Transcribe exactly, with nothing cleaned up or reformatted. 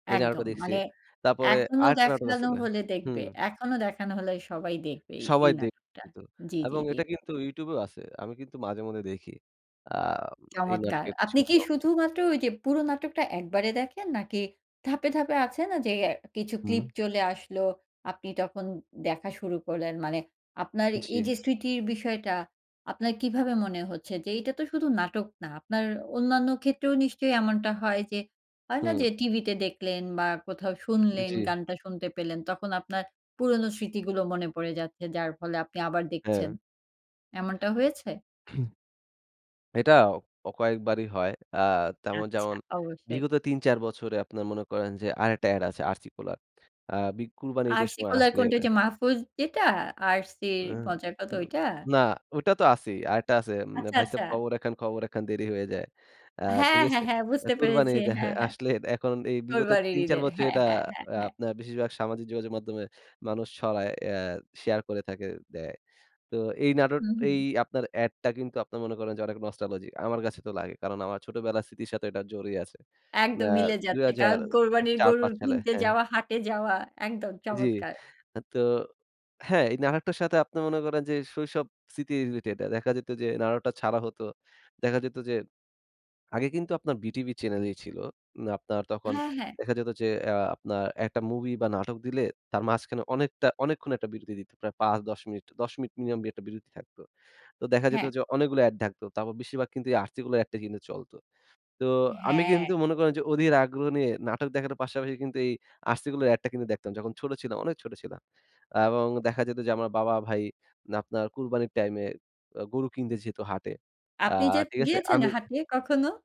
এই নাটকটা একদম দেখছি। মানে তারপরে এখনো আর একটা নাটক দেখানো আসিলো, হলে দেখবে। হুম। এখনো দেখানো হলে সবাই দেখবে এই, এই সবাই নাটকটা। দেখতো জি, জি, এবং জি। এটা কিন্তু YouTube এও আছে। আমি কিন্তু মাঝেমধ্যে দেখি। আ এই চমৎকার। নাটকের কিছু, আপনি কি কিছু অংশ। শুধুমাত্র ওই যে পুরো নাটকটা একবারে দেখেন? নাকি ধাপে, ধাপে আছে না যে অ্যা কিছু হুম। clip চলে আসলো। আপনি তখন দেখা শুরু করলেন মানে আপনার এই জি। যে স্মৃতির বিষয়টা আপনার কিভাবে মনে হচ্ছে যে এটা তো শুধু নাটক না। আপনার অন্যান্য ক্ষেত্রেও নিশ্চয়ই এমনটা হয় যে, হয় না হুম। যে টিভিতে দেখলেন বা কোথাও শুনলেন, জি। গানটা শুনতে পেলেন তখন আপনার পুরনো স্মৃতিগুলো মনে পড়ে যাচ্ছে, যার ফলে আপনি আবার দেখছেন। হ্যাঁ। এমনটা হয়েছে? এটাও কয়েকবারই হয়। আ তেমন আচ্ছা যেমন অবশ্যই। বিগত তিন চার বছরে আপনের মনে করেন যে আরেকটা add আছে RC Cola এর। আ বি কুরবানি ঈদের RC সময় Cola এর আসলে কোনটা? এটা ঐযে মাহফুজ যেটা? RC অ্যা মজার কত, হুম। ঐটা? না ওটা তো আছেই। আরেকটা আছে। আচ্ছা, ‘’ভাই সাব আচ্ছা। খবর একখান, খবর একখান দেরি হইয়া যায়।‘’ আ হ্যাঁ, ঠিক হ্যাঁ, আছে? হ্যাঁ বুঝতে কুরবানি পেরেছি ঈদ হ্যাঁ, হ্যাঁ, এ হ্যাঁ। আসলে এখন এই বিগত কুরবানির তিন চার ঈদের বছরে হ্যাঁ, এটা হ্যাঁ, হ্যাঁ, আ হ্যাঁ। আপনার বেশিরভাগ সামাজিক যোগাযোগ মাধ্যমে মানুষ ছড়ায় আ শেয়ার করে থাকে দেয়। তো এই নাটক হুম, এই হুম। আপনার add টা কিন্তু আপনার মনে করেন যে অনেক nostalgic আমার কাছে তো লাগে। কারণ আমার ছোটবেলার স্মৃতির সাথে এটা জড়িয়ে আছে। আ একদম মিলে দুই যাচ্ছে। হাজার কারণ কোরবানির গরুর চার-পাচঁ সালে কিনতে হ্যাঁ। যাওয়া, হাটে যাওয়া। একদম জি। চমৎকার। আ তো হ্যাঁ এই নাটকটার সাথে আপনি মনে করেন যে শৈশব স্মৃতি related। দেখা যেত যে নাটকটা ছাড়া হত। দেখা যেত যে আগে কিন্তু আপনার বিটিভি চ্যানেলই ছিল। আপনার তখন হ্যাঁ, হ্যাঁ। দেখা যেত যে আ আপনার একটা movie বা নাটক দিলে তার মাঝখানে অনেকটা অনেকক্ষণ একটা বিরতি দিত। প্রায় পাঁচ মিনিট, দশ মিনিট minimum একটা বিরতি থাকত। তো দেখা যেত হ্যাঁ। যে অনেকগুলা এড থাকতো। তারপর বেশিরভাগ কিন্তু এই RC Cola এর এডটা কিন্তু চলতো। তো আমি হ্যাঁ। কিন্তু মনে করেন যে অধির আগ্রহ নিয়ে নাটক দেখার পাশাপাশি কিন্তু এই RC Cola এর এডটা কিন্তু দেখতাম। যখন ছোট ছিলাম, অনেক ছোট ছিলাম। এবং দেখা যেত যে আমার বাবা ভাই আপনার কুরবানির টাইমে আ গরু কিনতে যেত হাটে। আ আপনি যেদ ঠিক আছে? গিয়েছেন? আমি হাটে কখনো?